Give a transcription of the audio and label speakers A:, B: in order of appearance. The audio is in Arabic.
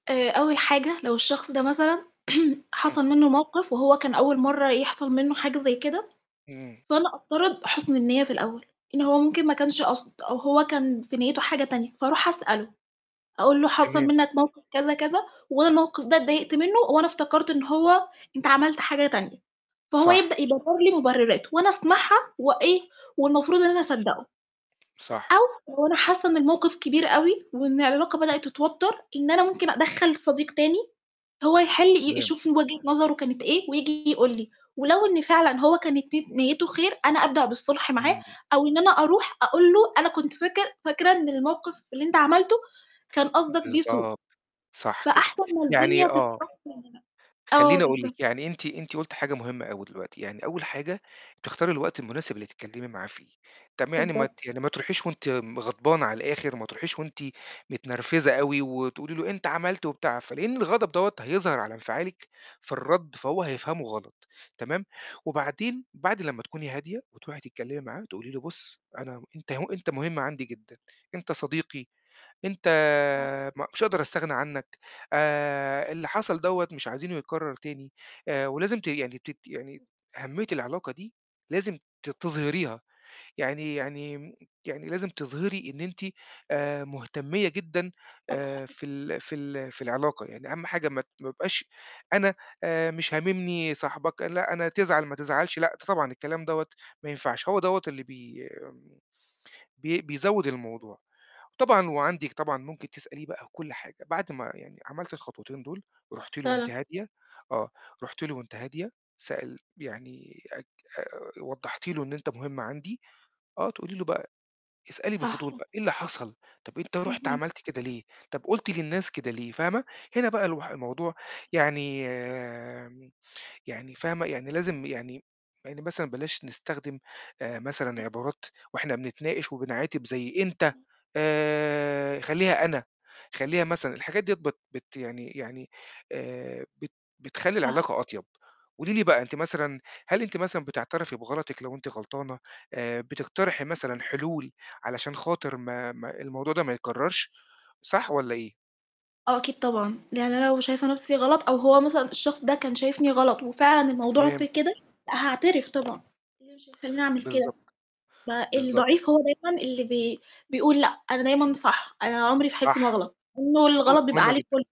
A: آآ أول حاجة لو الشخص ده مثلًا
B: إمم.
A: حصل مِنّه موقِف وهو كان أول مَرّة يحصل مِنّه حاجة زي كده،
B: إمم.
A: فأنا أفترض حُسن النيّة في الأول، إن هو ممكن ما كانش قاصد أو هو كان في نيته حاجة تانية، فأروح أسأله أقُول له: "حصل
B: تمام.
A: مِنّك موقِف كذا كذا، وأنا الموقِف ده اتضايقت مِنّه وأنا افتكرت إن هو أنت عملت حاجة تانية."، فهو
B: صح.
A: يبدأ يبرر لي مبررات وأنا أسمعها وإيه، والمفروض إن أنا أصدقه،
B: صح.
A: أو لو أنا حاسة إن الموقِف كبير أوي وإن العلاقة بدأت تتوتر إن أنا ممكن أدخّل صديق تاني هو يحل ي
B: تمام.
A: يشوف وجهة نظره كانت إيه وييجي يقُول لي، ولو إن فعلًا هو كانت ني نيته خير، أنا أبدأ بالصلح معاه
B: [unintelligible]
A: أو إن أنا أروح أقُول له أنا كنت فاكر فاكرة إن الموقِف اللي أنت عملته كان قصدك بيه سوء،
B: بالضبط، صح كده
A: فأحسن ما
B: يعني
A: الدنيا
B: آه.
A: [unintelligible] آه
B: خلّيني أقول
A: بالضبط.
B: لِك يعني أنتِ أنتِ قُلتِ حاجة مهمة أوي دلوقتي، يعني أول حاجة تختاري الوقت المناسب اللي تتكلمي معاه فيه، تم يعني ما ت
A: بالضبط.
B: يعني ما تروحيش وأنتِ غضبانة على الآخر، وما تروحيش وأنتِ متنرفزة أوي وتقُولِي له أنت عملت وبتاع، فلإن الغضب دوّة هيظهر على
A: أكيد.
B: انفعالِك في الرد فهو هيفهمه غلط، تمام؟ وبعدين بعد لمّا تكوني هادية وتروحي تتكلمي معاه تقُولي له بُص أنا أنت هو أنت مهم عندي جدًا، أنت صديقي، أنت
A: آه.
B: م مش هاقدر أستغنى عنّك، آآ اللي حصل دوّة مش عايزينه يتكرر تاني، ولازم ت يعني تت يعني أهميّة العلاقة دي لازم ت تظهريها، يعني يعني يعني لازم تظهري إن أنتِ آآ مهتمية جدًا آآ
A: صح.
B: في ال في ال في العلاقة يعني أهم حاجة ما ت ما يبقاش أنا آآ مش هاممني صاحبك لأ أنا تزعل ما تزعلش لأ طبعًا الكلام دوّة ما ينفعش هو دوّة اللي بي بي بيزوّد
A: أكيد.
B: الموضوع، وطبعًا وعندِك طبعًا ممكن تسأليه بقى كُل حاجة، بعد ما يعني عملتِ الخطوتين دول، رُحتِ
A: صح
B: له وأنتِ
A: فعلًا.
B: هادية آه، رحتِ له وأنتِ هادية سألتِ يعني أك آآ وضّحتِ له إن أنت مهم عندي، آه، تقُولي له بقى، اسألي
A: صح
B: بفضول
A: آه.
B: بقى: "إيه اللي حصل؟ طَب أنت رُحت
A: اهم.
B: عملت كده ليه؟ طُب قُلت للناس كده ليه؟"، فاهمة؟ هنا بقى الوح الموضوع يعني يعني يعني فاهمة؟ يعني لازم يعني يعني مثلًا بلاش نستخدم آآ مثلًا
A: أكيد.
B: عبارات وإحنا بنتناقش وبنعاتب زي أنت،
A: إمم.
B: آآ خلّيها أنا، خلّيها مثلًا الحاجات ديّة بت بت يعني يعني آآ بت بتخلّي
A: صح.
B: العلاقة أطيب، قُولِي لي بقى أنتِ مثلًا هل أنتِ مثلًا بتعترفي بغلطِك لو أنتِ غلطانة؟ آآ بتقترحي
A: اهم.
B: مثلًا حلول علشان خاطر ما ما الموضوع ده ما يتكررش صح والّا إيه؟
A: آه أكيد طبعًا، لإن أنا لو شايفة نَفْسي غلط أو هو مثلًا الشخص ده كان شايفني غلط وفعلًا الموضوع
B: تمام.
A: في كده، لأ هاعترف طبعًا، إيه اللي مش هيخلّيني أعمل كده؟
B: بالضبط،
A: ب
B: بالضبط.
A: الضعيف هو دايمًا اللي بي بيقول لأ أنا دايمًا صح أنا عمري في حياتي ما
B: صح،
A: اغلط،
B: نقظة
A: والغلط بيبقى
B: مهمة
A: عليه
B: جدًا.
A: كُلّه.